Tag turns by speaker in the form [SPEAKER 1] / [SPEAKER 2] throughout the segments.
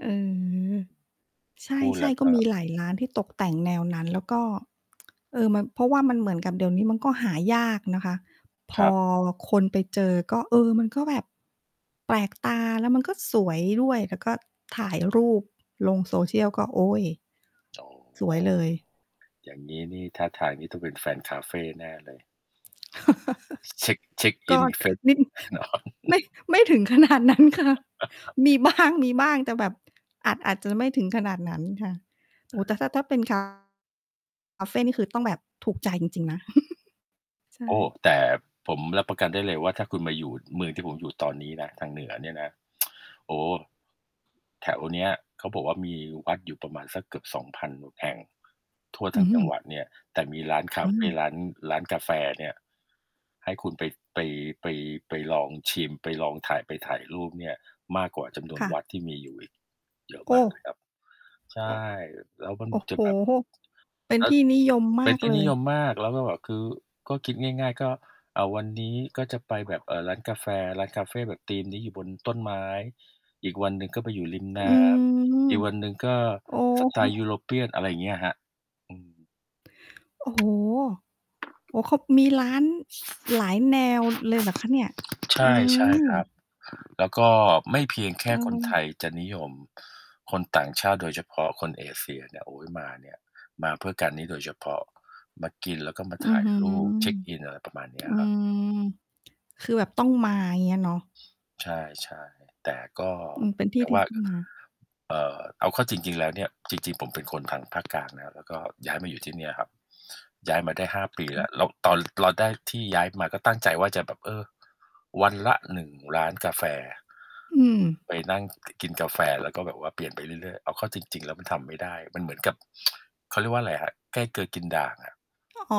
[SPEAKER 1] เออ ใช
[SPEAKER 2] พูดแล
[SPEAKER 1] ่
[SPEAKER 2] ้ว
[SPEAKER 1] ๆ ก็
[SPEAKER 2] ก็
[SPEAKER 1] มีหลายร้านที่ตกแต่งแนวนั้น แล้วก็ เออ มัน เพราะว่ามันเหมือนกับเดี๋ยวนี้มันก็หายากนะคะ พ
[SPEAKER 2] ครั
[SPEAKER 1] อ
[SPEAKER 2] บ
[SPEAKER 1] คนไปเจอก็ เออ มันก็แบบแปลกตาแล้วมันก็สวยด้วย แล้ว ก็ถ่ายรูปลง social ก็ โอ๊ย
[SPEAKER 2] อ๋อ
[SPEAKER 1] สวยเลย
[SPEAKER 2] อย่างงี้นี่ท่าทางนี่ต้องเป็นแฟนคาเฟแน่เลย เช็ก เช็กอ
[SPEAKER 1] ก
[SPEAKER 2] ิ
[SPEAKER 1] ็
[SPEAKER 2] นเฟซ
[SPEAKER 1] นิด อ
[SPEAKER 2] แน่นอน
[SPEAKER 1] ไม่ ไม่ถึง ขนาดนั้นค่ะ มีบ้าง มีบ้าง แต่แบบอาจ อาจจะไม่ถึงขนาดนั้นค่ะ โอ
[SPEAKER 2] อ
[SPEAKER 1] ้โฮ
[SPEAKER 2] า
[SPEAKER 1] แต่ถ้า ถ้าเป็น คา คาเฟนี่คือต้องแบบถูก ใจจริง ๆ นะ ใช
[SPEAKER 2] โอ้
[SPEAKER 1] ่
[SPEAKER 2] แต่ผมรับประกันได้เลยว่า ถ้าคุณมาอยู่เมืองที่ผมอยู่ตอนนี้นะ ทางเหนือเนี่ยนะ โอ้โฮ แถวเนี้ยเขาบอกว่า มีวัดอยู่ประมาณสักเกือบ 2,000 น แห่งทั่วท
[SPEAKER 1] อ
[SPEAKER 2] ั
[SPEAKER 1] ื
[SPEAKER 2] ้งจังหว
[SPEAKER 1] อ
[SPEAKER 2] ัดเนี่ย แต่มีร้านคา
[SPEAKER 1] อื
[SPEAKER 2] เฟ
[SPEAKER 1] ม
[SPEAKER 2] ร้าน ร้านกาแฟเนี่ย ให้คุณไป ไป ไป ไปลองชิม ไปลองถ่าย ไปถ่ายรูปเนี่ยมากกว่าจำนว
[SPEAKER 1] ค
[SPEAKER 2] น
[SPEAKER 1] ่ะ
[SPEAKER 2] วัดที่มีอยู่อีก เยอะ
[SPEAKER 1] โอ
[SPEAKER 2] ม
[SPEAKER 1] ้
[SPEAKER 2] ากเลยครับ ใช่ แล้วมัน
[SPEAKER 1] โอ้
[SPEAKER 2] จ
[SPEAKER 1] โฮ
[SPEAKER 2] ะ
[SPEAKER 1] โอ
[SPEAKER 2] แ
[SPEAKER 1] ้
[SPEAKER 2] บบ
[SPEAKER 1] โฮ เป็น
[SPEAKER 2] แล้
[SPEAKER 1] ท
[SPEAKER 2] ว
[SPEAKER 1] ี่นิยมม
[SPEAKER 2] เป็
[SPEAKER 1] า
[SPEAKER 2] น
[SPEAKER 1] ก
[SPEAKER 2] ที่
[SPEAKER 1] เล
[SPEAKER 2] นิ
[SPEAKER 1] ย
[SPEAKER 2] ยมมาก แล้วก็แบบคือ ก็คิดง่าย ๆ ก็ อ่า วันนี้ก็จะไปแบบ เอ่อ ร้านกาแฟ ร้านคาเฟแบบธีมนี้อยู่บนต้นไม้ อีกวันหนึ่งก็ไปอยู่ริมน
[SPEAKER 1] อื
[SPEAKER 2] ้ำ
[SPEAKER 1] ม
[SPEAKER 2] อีกวันหนึ่งก็
[SPEAKER 1] อ๋อ
[SPEAKER 2] สไตล์ European อะไรอย่างเงี้ยอะครับ อืม
[SPEAKER 1] โอ้โฮ โอ้โฮ เขามีร้าน หลายแนวเลยเหรอคะเนี่ย?
[SPEAKER 2] ใช
[SPEAKER 1] อื
[SPEAKER 2] ่ ใช่ ครั
[SPEAKER 1] ม
[SPEAKER 2] บ แล้วก็ไม่เพียงแค่
[SPEAKER 1] เ
[SPEAKER 2] คนไท
[SPEAKER 1] ออ
[SPEAKER 2] ยจะนิยม คนต่างชาติโดยเฉพาะคนเอเชียเนี่ย โอ๊ย มาเนี่ย มาเพื่อการนี้โดยเฉพาะ มากินแล้วก็มา
[SPEAKER 1] อ
[SPEAKER 2] ถ
[SPEAKER 1] ื้
[SPEAKER 2] ่
[SPEAKER 1] อ
[SPEAKER 2] าย
[SPEAKER 1] ฮือ
[SPEAKER 2] รูป เช็กอิน อะไรประมาณเนี้
[SPEAKER 1] อ
[SPEAKER 2] ย
[SPEAKER 1] ื
[SPEAKER 2] ครับ
[SPEAKER 1] อ คือแบบต้องมา เงี้ยเนาะ
[SPEAKER 2] ใช่ ๆ แต่ก็
[SPEAKER 1] อือ เป็นที
[SPEAKER 2] อ
[SPEAKER 1] ่
[SPEAKER 2] ย่าง
[SPEAKER 1] ที
[SPEAKER 2] ว
[SPEAKER 1] ่
[SPEAKER 2] ่า
[SPEAKER 1] ต้องมา
[SPEAKER 2] เอ่อ เอาเข้าจริง ๆ แล้วเนี่ย จริง ๆ ผมเป็นคนทางภาคกลางนะครับ แล้วก็ย้ายมาอยู่ที่เนี่ยครับ ย้ายมาได้ 5 ปีแล้ว
[SPEAKER 1] [unintelligible]
[SPEAKER 2] แล้วตอนเราได้ ที่ย้ายมา ก็ตั้งใจว่าจะแบบ เออ วันละ 1 ร้านกาแฟ
[SPEAKER 1] อืม
[SPEAKER 2] ไปนั่ง ก กินกาแฟแล้วก็แบบว่าเปลี่ยนไปเรื่อย ๆ เอาเข้าจริง ๆ แล้วมันทำไม่ได้ มันเหมือนกับ เขาเรียกว่าอะไรอะครับ ใกล้เกลือกินด่างอะ
[SPEAKER 1] อ๋อ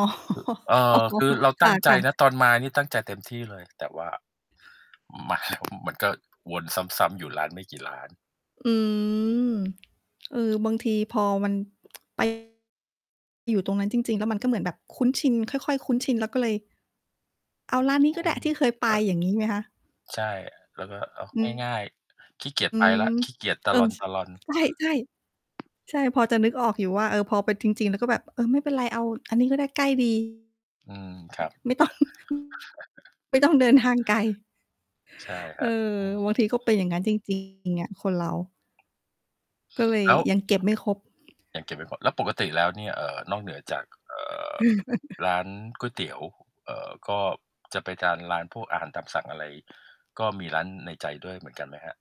[SPEAKER 2] เอ่
[SPEAKER 1] อ๋อ
[SPEAKER 2] อ คือเรา
[SPEAKER 1] ค
[SPEAKER 2] ตั้งใจ
[SPEAKER 1] ่ะ
[SPEAKER 2] นะ
[SPEAKER 1] ๆ
[SPEAKER 2] ตอนมานี่ตั้งใจเต็มที่เลย แต่ว่า มา มันก็วนซ้ำ ๆ อยู่ร้านไม่กี่ร้าน
[SPEAKER 1] อืม เออ บางทีพอมัน ไป อยู่ตรงนั้นจริง ๆ แล้วมันก็เหมือนแบบคุ้นชิน ค่อย ๆ คุ้นชิน แล้วก็เลย เอาร้านนี้
[SPEAKER 2] อ
[SPEAKER 1] ก็ไ
[SPEAKER 2] ื
[SPEAKER 1] ด้
[SPEAKER 2] ม
[SPEAKER 1] ที่เคยไป อย่างงี้ไหมคะ?
[SPEAKER 2] ใช่ แล้วก็ อ้าว
[SPEAKER 1] อือ
[SPEAKER 2] ง่าย ๆ ขี้เกียจ
[SPEAKER 1] อื
[SPEAKER 2] ไปแล้
[SPEAKER 1] ม
[SPEAKER 2] ว ขี้เกียจต
[SPEAKER 1] เ
[SPEAKER 2] ะ
[SPEAKER 1] ออ
[SPEAKER 2] ล
[SPEAKER 1] ช
[SPEAKER 2] อน ๆ
[SPEAKER 1] ใช่ ๆ ใช่ พอจะนึกออกอยู่ว่า เออ พอไปจริง ๆ แล้วก็แบบ เออ ไม่เป็นไรเอาอันนี้ก็ได้ใกล้ ดี
[SPEAKER 2] อืม ครับ
[SPEAKER 1] ไม่ต้อง ไม่ต้องเดินทางไกล
[SPEAKER 2] ใช่ค
[SPEAKER 1] เอ
[SPEAKER 2] ร
[SPEAKER 1] อ
[SPEAKER 2] ับ อืม
[SPEAKER 1] บางทีก็เป็นอย่างงั้นจริง จริง อะ คนเรา ก็เลย
[SPEAKER 2] แล้ว
[SPEAKER 1] ยังเก็บไม่ครบ
[SPEAKER 2] ยังเก็บไม่หมด แล้วปกติแล้วเนี่ย เอ่อ นอกเหนือจาก เอ่อ ร้านก๋วยเตี๋ยว เอ่อ ก็จะไปตามร้านพวกอาหารตามสั่งอะไร ก็มีร้านในใจด้วยเหมือนกันไหมครับ?